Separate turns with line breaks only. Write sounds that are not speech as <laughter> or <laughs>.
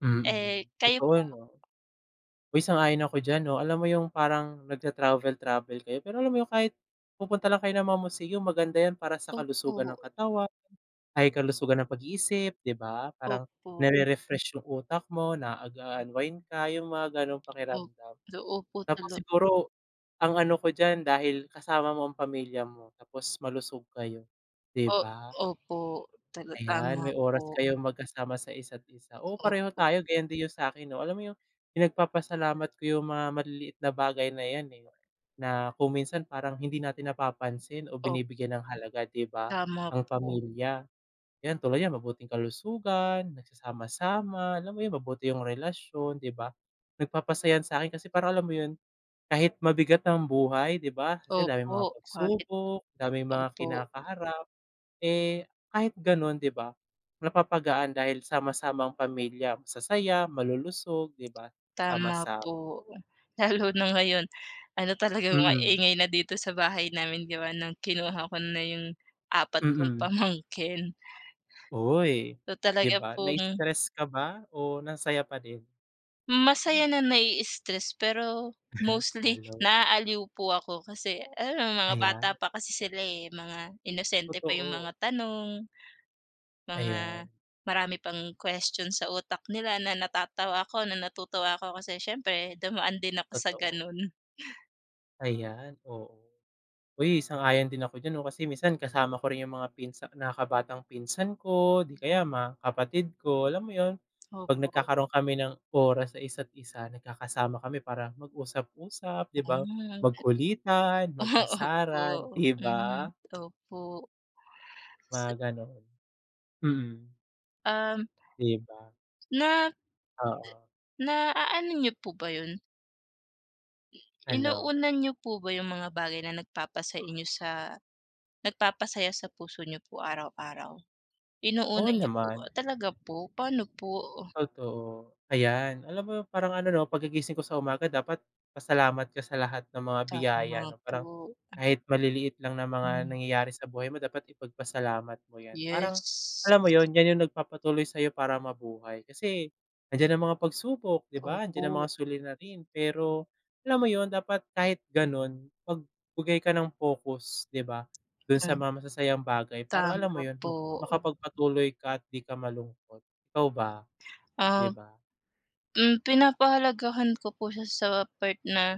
Mm.
Eh, kayo
Totoo
po?
'no. Uy, sang-ayon ako diyan 'no, alam mo yung parang nagta-travel-travel kayo, pero alam mo yung kahit pupunta lang kayo ng mga museum maganda yan para sa kalusugan ng
Opo.
katawan, ay kalusugan ng pag-iisip 'di ba? Parang
Opo.
nare-refresh yung utak mo, nag-a-unwind ka, yung mga ganong
Op
pakiramdam.
do opo
Tapos
tala
siguro ang ano ko diyan dahil kasama mo ang pamilya mo tapos malusog kayo 'di
O
ba.
opo, tala
Ayan,
tama
may oras
po.
kayong magkasama sa isa't isa. Oo pareho
Opo.
tayo ganyan din yung sa akin 'no, alam mo yun yung pinagpapasalamat ko yung mga maliliit na bagay na yan, eh. Na kung minsan parang hindi natin napapansin o
Op
binibigyan ng halaga 'di ba
Tama
ang
po.
pamilya. Yan tulad niyan mabuting kalusugan, nagsasama-sama, alam mo yun mabuti yung relasyon 'di ba. Nagpapasaya'n sa 'kin kasi parang alam mo yun, kahit mabigat ang buhay 'di ba kasi daming
Opo,
mga
kahit
pagsubok, daming mga
opo.
kinakaharap. Eh, kahit ganun 'di ba napapagaan dahil sama-samang pamilya, masasaya, malulusog, 'di ba
Tama
sama-sa
po, ugh, lalo na ngayon, ano talagang
Mm.
maingay na dito sa bahay namin di ba no'ng kinuha ko na yung apat kong
Mm.
pamangkin.
Uy,
'To
'di
talaga
ba
pong
na-stress ka ba o nasaya pa din?
Masaya na
<chuckles>
na-i-stress, pero
<laughs>
mostly
Halo.
naaaliw po ako kasi ano mga bata
Ayan.
pa kasi sila, eh, mga inosente pa yung
Totoo.
mga tanong, mga
Ayan.
marami pang question sa utak nila na natatawa ako, na natutuwa ako kasi siyempre dumaan din ako sa
Totoo.
ganun.
Ayan, oo. Uy, sang-ayon din ako diyan 'no, kasi minsan kasama ko rin yung mga pinsa nakakabatang pinsan ko o di kaya mga kapatid ko, alam mo yun. Pag
Opo.
nagkakaroon kami ng oras sa isa't isa, nagkakasama kami para mag-usap-usap 'di ba,
Mm.
magkulitan,
Ah
mag-asaran
Opo,
'di
hmm,
ba?
opo.
Mga
Se
ganon, mm.
Um.
'Di ba.
Na
Oo.
naaano niyo po ba yun? I
Ano?
inuuna niyo po ba yung mga bagay na nagpapasay inyo sa nagpapasaya sa puso niyo po araw-araw.
Oo
Inuuna niyo po
naman.
ah, talaga po, pa'no po uh?
Totoo, ayan alam mo, parang ano 'no 'pagka gigising ko sa umaga dapat pasalamat ka sa lahat ng mga biyaya
Tama
ano, parang
po, mm.
kahit maliliit lang na mga
Hmm.
nangyayari sa buhay mo dapat ipagpasalamat mo yan. Parang
Yes.
alam mo yun yan yung nagpapatuloy sayo para mabuhay, kasi nandiyan ang mga pagsubok 'di ba, nandiyan ang
Opo.
mga suliranin. Pero alam mo yun, dapat kahit ganon, magbigay ka ng pokus 'di ba dun sa
Hmm.
mga masasayang bagay para alam
Tama
mo yun
po.
makapagpatuloy ka at di ka malungkot. Ikaw ba? 'Di
Ah
ba.
Hmm, pinapahalagahan ko po siya sa part na